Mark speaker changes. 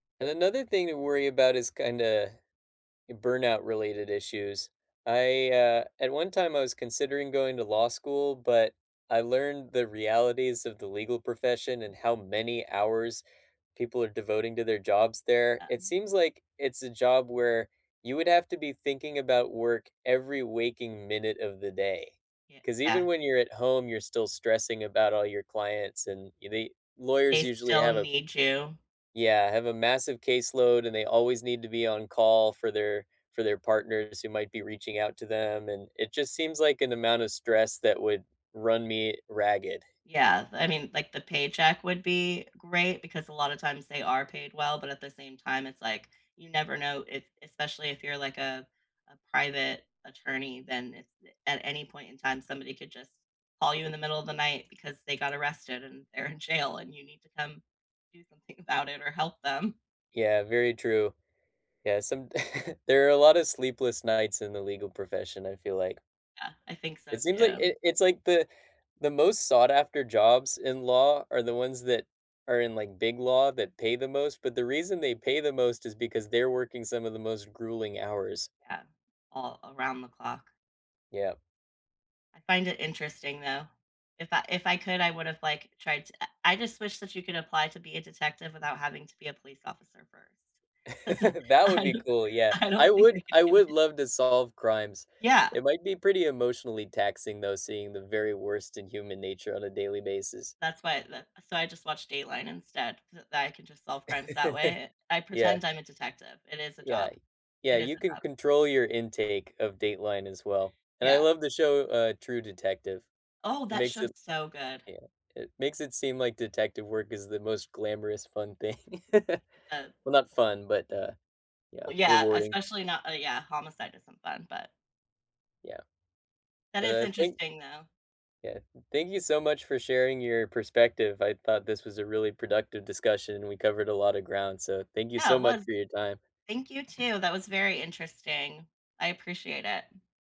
Speaker 1: And another thing to worry about is, kinda, burnout related issue, I, uh, at one time, I was considering going to law school, but I learned the realities of the legal profession and how many hours people are devoting to their jobs there, it
Speaker 2: Um.
Speaker 1: seems like it's a job where you would have to be thinking about work every waking minute of the day,
Speaker 2: Yeah.
Speaker 1: 'cause even
Speaker 2: Ah
Speaker 1: when you're at home, you're still stressing about all your clients, and they
Speaker 2: They
Speaker 1: lawyers usually
Speaker 2: still
Speaker 1: have a
Speaker 2: need you.
Speaker 1: Yeah, have a massive caseload, and they always need to be on call for their for their partners who might be reaching out to them, and it just seems like an amount of stress that would run me ragged.
Speaker 2: Yeah, I mean, like, the paycheck would be great because a lot of times they are paid well, but at the same time, it's like, you never know if especially if you're, like, uh, a private attorney, then a a at any point in time, somebody could just call you in the middle of the night because they got arrested and they're in jail and you need to come do something about it or help them.
Speaker 1: Yeah, very true. Yeah, some there are a lot of sleepless nights in the legal profession, I feel like.
Speaker 2: Yeah, I think so,
Speaker 1: It seems like
Speaker 2: too.
Speaker 1: it it's like the the most sought after jobs in law are the ones that are in, like, big law that pay the most, but the reason they pay the most is because they're working some of the most grueling hours.
Speaker 2: Yeah, all around the clock.
Speaker 1: Yep.
Speaker 2: I find it interesting, though. If I if I could, I would have, like, tried to I just wish that you could apply to be a detective without having to be a police officer first, 'cause
Speaker 1: That would
Speaker 2: I
Speaker 1: be
Speaker 2: don't
Speaker 1: cool, yeah.
Speaker 2: I
Speaker 1: I
Speaker 2: don't think I
Speaker 1: would
Speaker 2: could
Speaker 1: I
Speaker 2: do
Speaker 1: would
Speaker 2: it.
Speaker 1: love to solve crimes.
Speaker 2: Yeah.
Speaker 1: It might be pretty emotionally taxing though, seeing the very worst in human nature, on a daily basis.
Speaker 2: That's why the so I just watched Dateline instead. Th then I can just solve crimes that way. I I
Speaker 1: Yeah.
Speaker 2: pretend I'm a detective. It is a
Speaker 1: Yeah.
Speaker 2: job.
Speaker 1: Yeah,
Speaker 2: It is
Speaker 1: you
Speaker 2: a
Speaker 1: can
Speaker 2: job.
Speaker 1: control your intake of Dateline as well, and I
Speaker 2: Yeah.
Speaker 1: love the show, uh, True Detective.
Speaker 2: Oh,
Speaker 1: It
Speaker 2: that
Speaker 1: makes
Speaker 2: show's
Speaker 1: it
Speaker 2: so good.
Speaker 1: yeah, it makes it seem like detective work is the most glamorous, fun thing.
Speaker 2: But
Speaker 1: Well, not fun, but, uh, yeah,
Speaker 2: Well, yeah,
Speaker 1: rewarding.
Speaker 2: especially not uh, yeah, homicide isn't fun, but
Speaker 1: Yeah.
Speaker 2: that
Speaker 1: But
Speaker 2: is
Speaker 1: I think
Speaker 2: interesting, though.
Speaker 1: Yeah. Thank you so much for sharing your perspective. I thought this was a really productive discussion; we covered a lot of ground, so thank you
Speaker 2: Yeah,
Speaker 1: so
Speaker 2: it
Speaker 1: much
Speaker 2: was.
Speaker 1: for your time.
Speaker 2: Thank you, too. That was very interesting. I appreciate it.